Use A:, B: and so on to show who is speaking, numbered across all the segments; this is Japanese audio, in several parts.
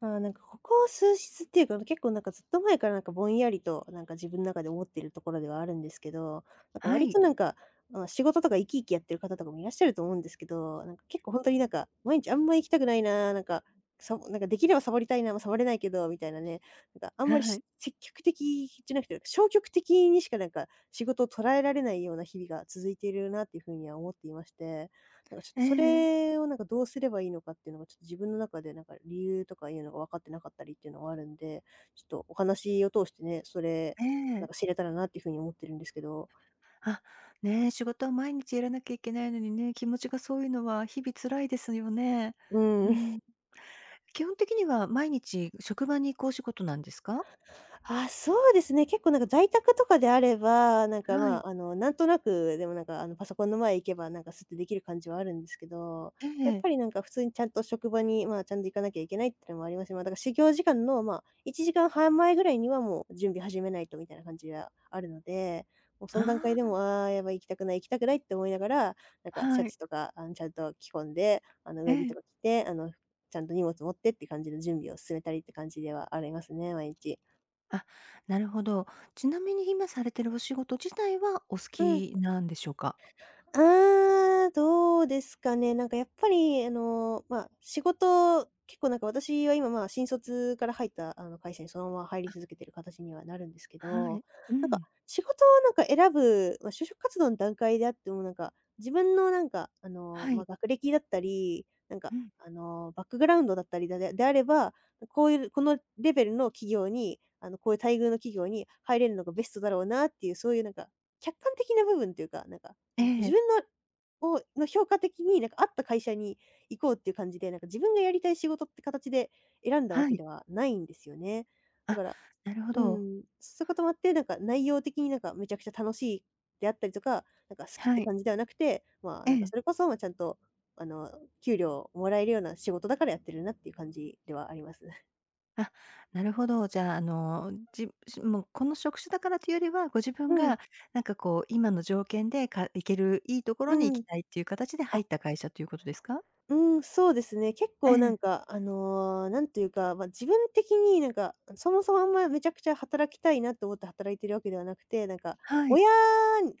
A: ああ、なんかここ数日っていうか、む結構なんか、ずっと前からなんかぼんやりと、なんか自分の中で思っているところではあるんですけど。なんか
B: は
A: 割
B: い。
A: となんか、あ、仕事とか生き生きやってる方とかもいらっしゃると思うんですけど。なんか結構ほんとになんか、毎日あんま行きたくないな、なんか、さもなんかできればサボりたいな、ま、サボれないけどみたいなね。なんかあんまり
B: は
A: し
B: い。
A: 積極的じゃなくて、消極的にしかなんか、仕事を捉えられないような日々が続いているなっていう風には思っていまして。だかちょっと
B: え
A: そ
B: え。
A: れをなんかどうすればいいのかっていうのが、ちょっと自分の中で何か理由とかいうのが分かって無かったりっていうのがあるんで。ちょっとお話を通してね、それ
B: え
A: なん
B: え。
A: か知れたらなっていう風に思ってるんですけど。
B: あ、ね、仕事は毎日やらなきゃいけないのにね、気持ちがそういうのは日々辛いですよね。
A: う
B: う
A: ん。
B: ん。基本的には毎日、う職場に行くお仕事なんですか？
A: ああ、そうですね。結構なんか在宅とかであれば、なんか
B: はい。
A: ま、あの、なんとなく、でもなんか、あの、パソコンの前行けば何かスってできる感じはあるんですけど。
B: え
A: やっ
B: え。
A: ぱりなんか、普通にちゃんと職場にま、ちゃんと行かなきゃいけないっていうのもあります。ま、だか始業時間のま、1時間半前ぐらいにはもう準備始めないとみたいな感じがあるので。もうそ
B: あ
A: ん段階
B: あ、
A: で
B: あ
A: も
B: よ。
A: 「ああ、やばい行きたくない行きたくない」って思いながら、なんかシャ
B: はい。
A: ツとかあの、ちゃんと着込んで、あの、
B: え
A: 上着と
B: え。
A: か着てあの、ちゃんと荷物持ってって感じの準備を進めたりって感じではありますね、毎日。
B: あ、なるほど。ちなみに今されてるお仕事自体は、お好
A: うん。
B: きなんでしょうか？
A: うーん、どうですかね。なんかやっぱりあの、まあ、仕事結構なんか私は今ま、新卒から入ったあの、会社にそのまま入り
B: あ。
A: 続けてる形にはなるんですけ
B: は
A: ど。
B: い、う
A: なんか、
B: ん。
A: 仕事をなんか選ぶ、ま、就職活動の段階であっても、なんか、自分のなんかあの、
B: は
A: ま、
B: い。
A: 学歴だったり。なん
B: う
A: か、
B: ん。
A: あの、バックグラウンドだったりだでであれば、こういう、このレベルの企業に、あの、こういう待遇の企業に入れるのがベストだろうなっていう。そういうなんか、客観的な部分っていうか、なんか、
B: え
A: うん、自
B: え。
A: 分のをの評価的になんか合った会社に行こうっていう感じで、なんか自分がやりたい仕事って形で選んだわ
B: は
A: け
B: い。
A: ではないんですよね。だ
B: あ、
A: から
B: なるほ
A: う
B: ど。
A: ん、そういうこともあって、なんか内容的になんかめちゃくちゃ楽しいであったりとか、なんか好きっ
B: は
A: て
B: い。
A: 感じではなくて。まあ、
B: え
A: なんか
B: え。
A: それこそ、ま、ちゃんとあの、給料をもらえるような仕事だからやってるなっていう感じではあります。
B: あ、なるほど。じゃあ、あの、うん、じしもうこの職種だからというよりは、ご自分
A: うん。
B: がなんか、こう、今の条件でか行ける良い所に行
A: う
B: き
A: ん、
B: たいっていう形で入っ
A: あ。
B: た会社ということですか？
A: うん、そうですね。結
B: え
A: 構な
B: え。
A: んかあの、何と言うか、ま、自分的になんか、そもそもあんま、めちゃくちゃ働きたいなと思って働いているわけではなくて。なんか、
B: はい。
A: 親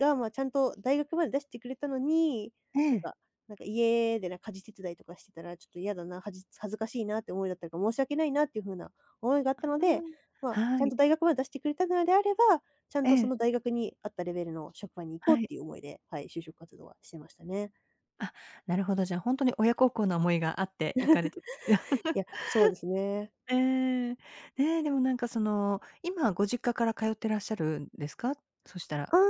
A: がま、ちゃんと大学まで出してくれたのに、
B: え
A: なん
B: え。
A: か、なんか家でなん家事手伝いとかしてたらちょっと嫌だな、はじ恥ずかしいなって思いだったか、申し訳ないなっていう風な思いがあったので。ま、ち
B: は
A: ゃん
B: い。
A: と大学まで出してくれたのであれば、ちゃん
B: え
A: とそ
B: え。
A: の大学にあったレベルの職場に行こ
B: は
A: うっ
B: い。
A: ていう思いで、はい、就職活動はしてましたね。
B: あ、なるほど、じゃ、本当に親孝行な思いがあって、行かれてる
A: い や、そうですね。
B: ええ。ねえ、でもなんかその今ご実家から通ってらっしゃるんですか？そしたら。
A: ああ、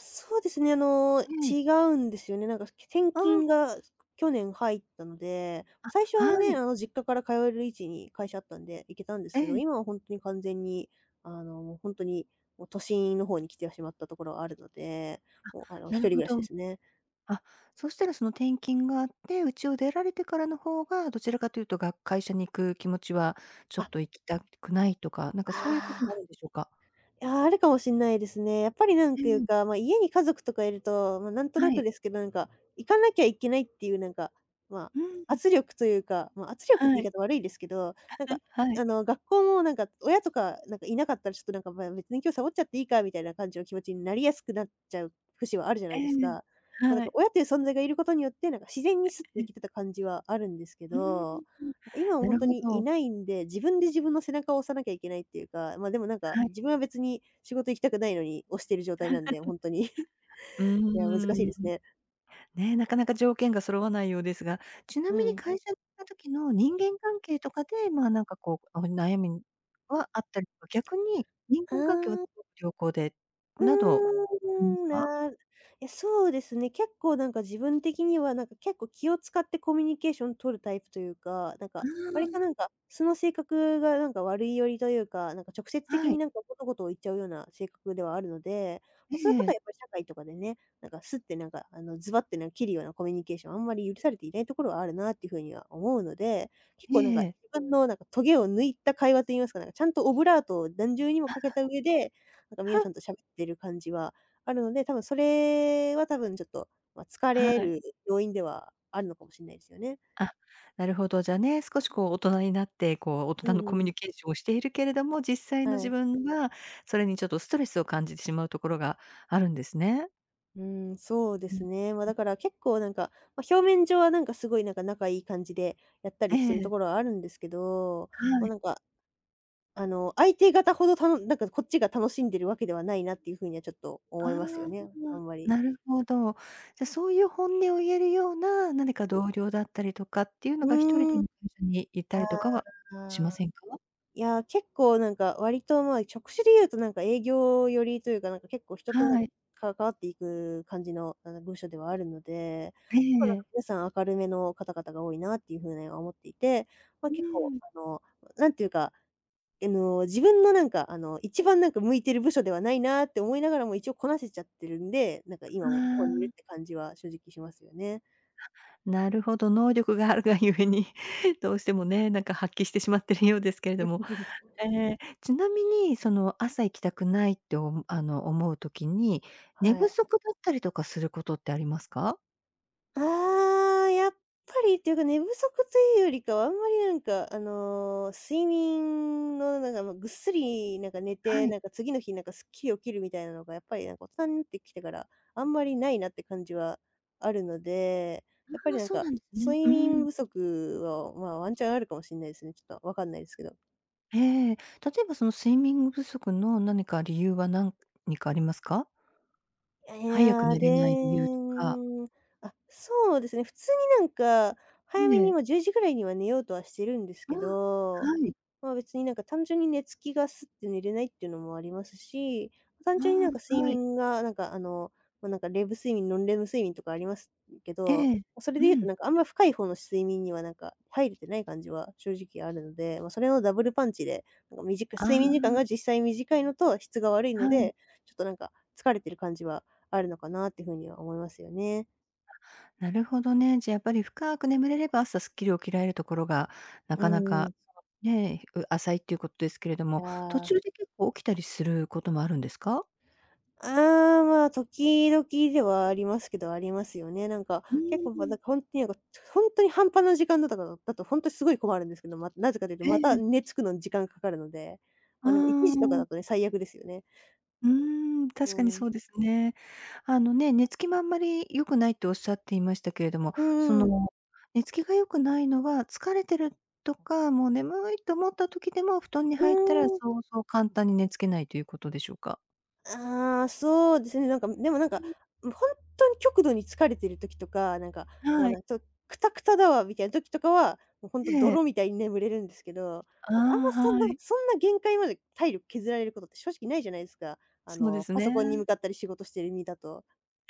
A: そうですね。あの、
B: ええ。
A: 違うんですよね。なんかすき転
B: あ
A: 勤
B: あ。
A: が、すく去年入ったので、
B: あ、
A: 最初は
B: は
A: ね、
B: い。
A: あの実家から通える位置に会社あったんで行けたんです
B: え
A: けど、
B: え。
A: 今はほんとに完全にあのほんとに、もう都心の方に来てはしまったところあるので。もうあ
B: あ、
A: の、一
B: なる
A: 人暮
B: ほ
A: らしで
B: ど。
A: すね。
B: あ、そしたらその、転勤があって、家を出られてからの方が、どちらかと言うとが会社に行く気持ちはちょっ
A: あ。
B: と行きたくないとか、なんかそういうこ
A: あ
B: とにな
A: あ。
B: るんでしょうか？
A: いや、あるかもしんないですね。やっぱり何
B: え
A: かいう
B: え。
A: か、ま、家に家族とかいると、まなんと
B: は
A: なく
B: い。
A: ですけど、なんか行かなきゃいけないっていうなんか、ま、
B: うん。
A: 圧力というか、ま、圧力っ
B: は
A: て言い
B: い。
A: 方悪いんですけど、なんか
B: はい。
A: あの、学校もなんか、親とかなんかいなかったら、ちょっとなんかまあ別に今日サボっちゃっていいか、みたいな感じの気持ちになりやすくなっちゃう節はあるじゃな
B: え
A: いです
B: え。
A: か。ま、なん
B: は
A: か
B: い。
A: 親という存在がいることによってなんか自然にスって
B: え
A: 行
B: え。
A: けてた感じはあるんですけ
B: う
A: ど。
B: ーん。
A: 今は
B: な
A: ほん
B: る
A: と
B: ほ
A: にい
B: ど。
A: ないんで、自分で自分の背中を押さなきゃいけないっていうか。あ、までもなんか
B: はい。
A: 自分は別に仕事行きたくないのに押してる状態なんでほ んとに い
B: うー
A: や難しい
B: ん。
A: ですね。
B: ねえ、中々条件が揃わないようですが。ちな
A: う
B: みに
A: ん。
B: 会社に行った時の人間関係とかで、まあなんかこう、おん悩みんはあったりとか、逆に人
A: あ
B: 間関係は
A: あ。
B: 凄く良好で、
A: う
B: などあります
A: ーん、
B: か？
A: なるえ、そうですね、結構なんか自分的には、なんか結構気を使ってコミュニケーション取るタイプというか。なんか、
B: あ
A: 割と
B: あ。
A: なんか、素の性格がなんか悪い寄りというか、なんか直接的
B: は
A: に
B: い。
A: なんか物事を言っちゃうような性格ではあるので。
B: え
A: ま、そういうことは
B: え。
A: やっぱり社会とかでね、なんかスッてなんかあの、ズバってなん切るようなコミュニケーションはあんまり許されていないところはあるなっていうふうには思うので、結
B: え
A: 構なんか自
B: え。
A: 分のなんかトゲを抜いた会話と言いますか、なんかちゃんとオブラートを何重にもかけた上で、なんか皆さ んと喋ってる感じはあるので、多分それは多分ちょっとま、疲
B: は
A: れ
B: い。
A: る要因ではあるのかもしんないですよね。
B: あ、なるほど、じゃあね、少しこう大人になって、こう大
A: う
B: 人の
A: ん
B: コ
A: う
B: ミュ
A: ん。
B: ニケーションをしているけれども、実際の
A: は
B: 自
A: い。
B: 分は、それにちょっとストレスを感じてしまうところがあるんですね？
A: うん、そうで
B: う
A: す
B: ん、
A: ね。まあ、
B: う
A: だ
B: ん。
A: から結構なんか、ま、表面上はなんか、すごいなんか、仲いい感じで、やった
B: え
A: りしてると
B: え。
A: ころはあるんですけど。
B: は
A: ま、
B: い。
A: なんか、あの、相手方ほど、たのなんかこっちが楽しんでるわけではないなっていうふうにはちょっと
B: あ
A: 思
B: あ、
A: いますよね、あんまり。
B: なるほど。じゃあ、そういう本音を言えるような、何か同僚だったりとかっていうのが、一人
A: う
B: で、
A: ん。
B: うみずにいた
A: あ
B: りとかはしま
A: あ。
B: せんか？
A: いや、結構なんか割とま、職種で言うとなんか営業寄りというか。なんか結構人と、なん
B: はい。
A: か関わっていく感じのあの、部署ではあるので、
B: え
A: 結構なんか
B: え。
A: 皆さん明るめの方々が多いなっていうふうには思っていて。ま、
B: う
A: 結構
B: ん。
A: あの、うなんていうか、えの、自分のなんかあの、一番なんか向いてる部署ではないなって思いながらも一応こなせちゃってるんで、なんか今もここに
B: あ
A: いる
B: あ。
A: って感じは正直しますよね。
B: あ、なるほど、能力があるが故に。どうしてもね、なんか発揮してしまってるようですけれども。え、ちなみに、その朝行きたくないとおむあの、思う時に、寝
A: は
B: 不
A: い。
B: 足だったりとかすることってありますか？
A: ああ、やっぱりっていうか、寝不足というよりかは、あんまり何かあの、睡眠のなんかもうぐっすりなんか寝
B: は
A: て、
B: い。
A: なんか次の日なんかスッキリ起きるみたいなのが、やっぱりなんか、おっさんってきてから、あんまり無いなって感じはあるので、やっぱ
B: あ
A: り
B: あ、
A: なん
B: そう
A: か、
B: なんでね、
A: 睡
B: う
A: 眠
B: ん。
A: 不足を、まあ、ワンチャンあるかもしんないすね。ちょっと分かんないすけど。
B: ええ。例えばその睡眠不足の何か理由はなんにかありますか？
A: え
B: 早く
A: や、
B: 寝
A: で
B: れない理由とか。
A: ん、あ、そうですね、普通になんか、早
B: い
A: めに
B: え。
A: もう10時ぐらいには寝ようとはしてるんです
B: ああ、
A: けど、
B: はい。
A: まあ、別になんか単純に寝付きがスッて寝れないっていうのもありますし、
B: あ
A: 単純になんか
B: あ、
A: 睡
B: はい。
A: 眠がなんかあの、まあ、なんかレム睡眠、ノンレム睡眠とかあります、ん、け
B: え
A: ど、
B: え、
A: まあ、それ
B: う
A: で言うと
B: ん。
A: なんかあんま深いほうの睡眠にはなんか、入れてない感じは正直あるので、まあ、それのダブルパンチで、なんかみじく
B: あ
A: 睡眠時間
B: あ。
A: が実際短いのと質が悪いの
B: はい。
A: で、ちょっとなんか、疲れてる感じはあるのかなっていう風には思いますよね。
B: なるほどね。じゃ、やっぱり深く眠れれば、朝スッキリ起きられるところが、な
A: う
B: かなか、
A: ん。
B: ね、ひう浅いっていうこですけれど
A: い
B: も、途
A: や。
B: 中で結構起きたりすることもあるんですか？
A: ああ、まあ、時々ではありますけど、ありますよね、なんか。
B: う
A: 結構ばだ
B: ん。
A: か、ほんにえごとほんとに半端な時間だっただと、だとほんとにすごい困るんですけど、ま、なぜかと言うと
B: え
A: また
B: え。
A: 寝付くの時間かかるので、
B: あ
A: まあ、でも1時とかだ
B: あ。
A: とね、最悪ですよね。
B: うん、
A: う
B: 確かに
A: ん。
B: そうですね。あのね、寝付きもあんまり良くないとおっしゃっていましたけれども、
A: うんう
B: そ
A: んうん。
B: の、寝付きが良くないのは、疲れてるとか、もう眠いと思った時でも布団に入ったら
A: うん。
B: そうそう簡単に寝付けないていうことでしょうか？
A: ああ、そうですね。なんか、みでもなん
B: う
A: か、
B: ん。
A: もうほんとに極度に疲れてる時とか、なんかもう、
B: はい。
A: なんちょ、くたくただわみたいな時とかは、もうほんと
B: ええ。
A: 泥みたいに眠れるんですけど、
B: あ
A: なんかあんま
B: あ、
A: そん
B: は
A: なんか、
B: い。
A: そんな限界まで体力削られることって正直ないじゃないすか。あ
B: そうで
A: の、
B: す
A: パソ
B: ね。
A: コンに向かったり仕事している身だと。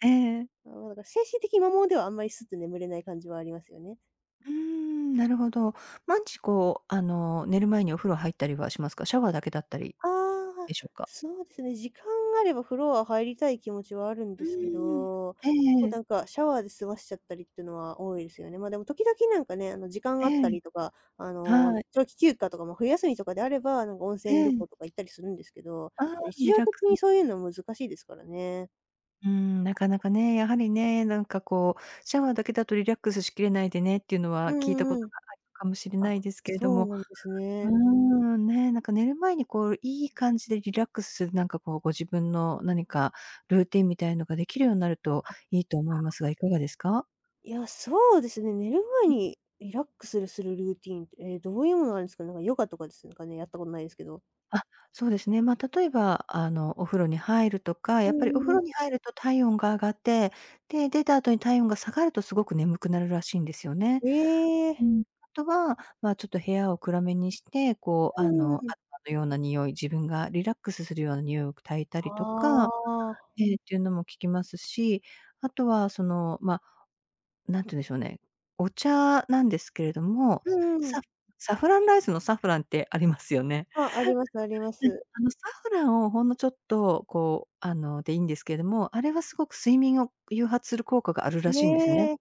B: ええ。
A: あ、わだ精神的摩耗ではあんまりスッて眠れない感じはありますよね。
B: うーん、なるほど。まんちこう、あの、寝る前にお風呂入ったりはしますか？シャワーだけだったり
A: ああ、
B: でしょうか？
A: そうですね、時間があれば風呂は入りたい気持ちはあるんで
B: う
A: すけ
B: ん。
A: ど、
B: えええ
A: お
B: え。
A: だんかシャワーで済ましちゃったりってのは多いですよね。まあ、でも時々なんかね、あの、時間が
B: え
A: あった
B: え。
A: りとか、あの、
B: はい。
A: 長期休暇とかも冬休みとかであれば、なんか温泉
B: え
A: 旅
B: ん。
A: 行とか行ったりするんですけど、
B: ああ、
A: ま、日
B: リ
A: 常
B: ラック
A: 的
B: ス
A: にそういうのは難しいですからね。
B: うん、中々ね、やはりね、なんかこう、シャワーだけだとリラックスしきれないでねっていうの
A: う
B: は、聞いた
A: ん
B: こ
A: うんう
B: と
A: ん。
B: があいかもしれ
A: あ、
B: ないですけれど
A: そう
B: も。
A: なんです
B: うー
A: ね。
B: ん、ね、なんか寝る前にこう、良い感じでリラックスする何かこうご自分の何か、ルーティーンみたいのが出来るようになると
A: あ、
B: 良いと思
A: あ
B: いますが、
A: あ。
B: いかがですか？
A: いや、そうですね、寝る前
B: うん。
A: にリラックスるするルーティーンって、え、どういうものがあるんすか？なんかヨガとかです、うん、かね？やったことないですけど。
B: あ、そうですね。ま、例えば、あの、お風呂に入るとか、
A: う
B: やっぱり
A: ん
B: お
A: うん
B: 風
A: うん。
B: 呂に入ると体温が上がって、で、出た後に体温が下がると凄く眠くなるらしいんですよね。
A: え
B: う
A: え。
B: ん。あとは、まあ、ちょっと部屋を暗めにして、こうあ
A: うー
B: の、ア
A: ん。
B: ロマような匂い、自分がリラックスするような匂いを焚いた
A: あ
B: りとか、
A: あ。
B: ええ、っていうのも聞きますし、あとはその、まあ、何て言うんでしょうね、お茶なんですけれども、
A: う
B: す
A: んうん。
B: ササフランライスのサフランってありますよね。
A: あ、ありますありま
B: [unintelligible] うん、
A: す。
B: あの、サフランをほんのちょっと、こうあの、でいいんですけども、あれは凄く睡眠を誘発する効果があるらしいんですね。
A: ね。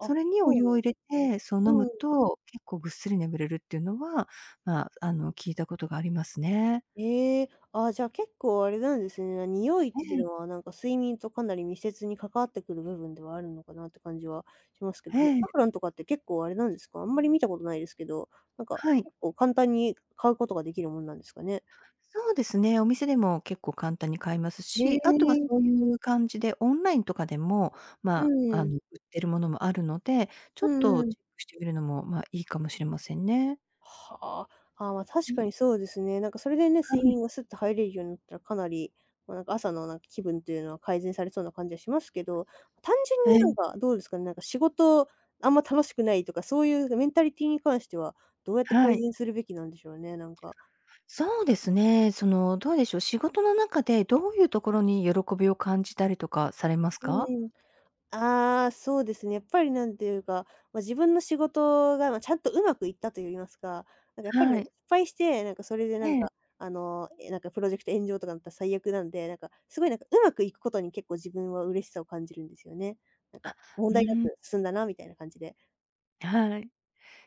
B: それにお
A: そう
B: 湯を入れ
A: なんすね。
B: て、そう飲む
A: うん。
B: と結構ぐっすり眠れるっていうのは、まあ、あの、聞いたことがありますね。
A: ええ。ああ、じゃあ結構あれなんですね、な、匂いっ
B: え
A: てい
B: え。
A: うのはなんか睡眠とかなり密接に関わってくる部分ではあるのかなって感じはしますけど、
B: へ
A: サ
B: え。
A: フランとかって結構あれなんですか、あんまり見たことないですけど、なんか
B: はい。
A: 結構簡単に買うことができるもんなんですかね？
B: そうですね、お店でも結構簡単に買えますし、あとは
A: ね。
B: そういう感じでオンラインとかでも、
A: う
B: まあ、
A: ん
B: あ
A: うん。
B: の、売ってるものもあるので、ちょ
A: う
B: っ
A: んう
B: と
A: ん。
B: チェックしてみるのも、まあ、良いかもしれませんね。
A: はあ、ああ、ま、確
B: うん。
A: かにそうですね、なんかそれでね、
B: は
A: 睡
B: い。
A: 眠がスッと入れるようになったら、かなり、まあ、なんか朝のなんか気分っていうのは、改善されそうな感じがしますけど。単純に
B: は
A: なん
B: い。
A: かどうですかね、なんか仕事、あんま楽しくないとか、そういうぐメンタリティに関しては、どうやって
B: は
A: 改
B: い。
A: 善するべきなんでしょうね？なんか。
B: そうですね。その、どうでしょう、仕事の中でどういうところに喜びを感じたりとかされます
A: う
B: か？
A: ん。ああ、そうですね。やっぱり何ていうか、ま、自分の仕事が、ま、ちゃんと上手くいったといいますか、なんかやっぱり
B: は
A: ね、失
B: い。
A: 敗して、なんかそれでな
B: え
A: ん
B: え。
A: かあの、え、なんかプロジェクト炎上とかんなったら最悪なんで、なんかすごい、なんか上手くいくことに結構自分は嬉しさを感じるんですよね。なん
B: あ、
A: か
B: う
A: 問題な
B: ん。
A: く進んだなみたいな感じで。
B: はい。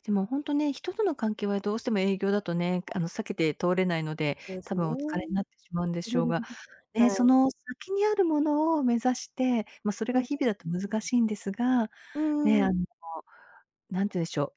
B: でもほんとね、人との関係はどうしても営業だとね、
A: はい。
B: あの、避けて通れないので、
A: ほえす
B: 多
A: ね。
B: 分お疲れになってしまうんでしょうが、
A: は
B: ね、そ
A: い。
B: の先にあるものを目指して、ま、それ
A: う
B: が
A: ん。
B: 日々だと難しいんですが、
A: うんう
B: ね、
A: んう
B: あ
A: ん。
B: の、何て言うんでしょう、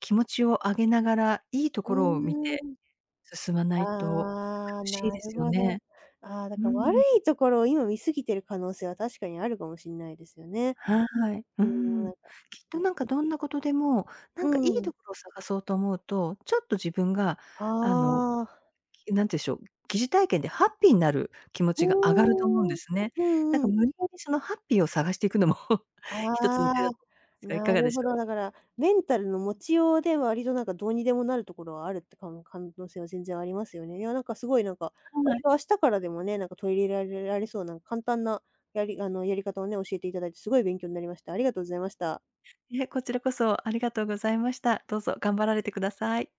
B: 気持ちを上げながら、良いと
A: う
B: ころを見
A: ー
B: て、
A: ん。
B: 進まないと、ちょっと
A: ああ、
B: 苦しい
A: な
B: で
A: る
B: すよ
A: ほど。
B: ね。
A: ああ、だ
B: うー
A: か悪
B: ん。
A: いところを今見過ぎてる可能性は、確かにあるかもしんないですよね。
B: はい。う
A: うん、な
B: ん。
A: ん
B: き
A: か、
B: っ
A: うん、
B: と、
A: も
B: なんか、どんなことでも、な
A: う
B: んか良い
A: ん。
B: 所を探そうと思うと、ちょっと自分が、あの、
A: ああ。
B: き何て言うんしょう、疑似体験でハッピーなる気持
A: う
B: ちが上がると思うんで
A: ーん、
B: すね。
A: う
B: だ
A: ん
B: か
A: うん。
B: 無理やり、そのハッピーを探していくのも 一つの手
A: あ
B: だ
A: あ、
B: とますが、如
A: な
B: 何で
A: る
B: し
A: ほ
B: ょう？
A: ど、だから、メンタルの持ちようで、割となんか、どうにでもなるところはあるって、かん可能性は全然ありますよね。いやなんか凄いなんか、
B: は
A: 割
B: い。
A: と明日からでもね、なんか取り入らるられそうな簡単な、やりあの、やり方をね、教えて頂いて、凄い勉強んなりました。ありがとうございました。
B: いえ、こちらこそありがとうございました。どうぞ頑張られてください。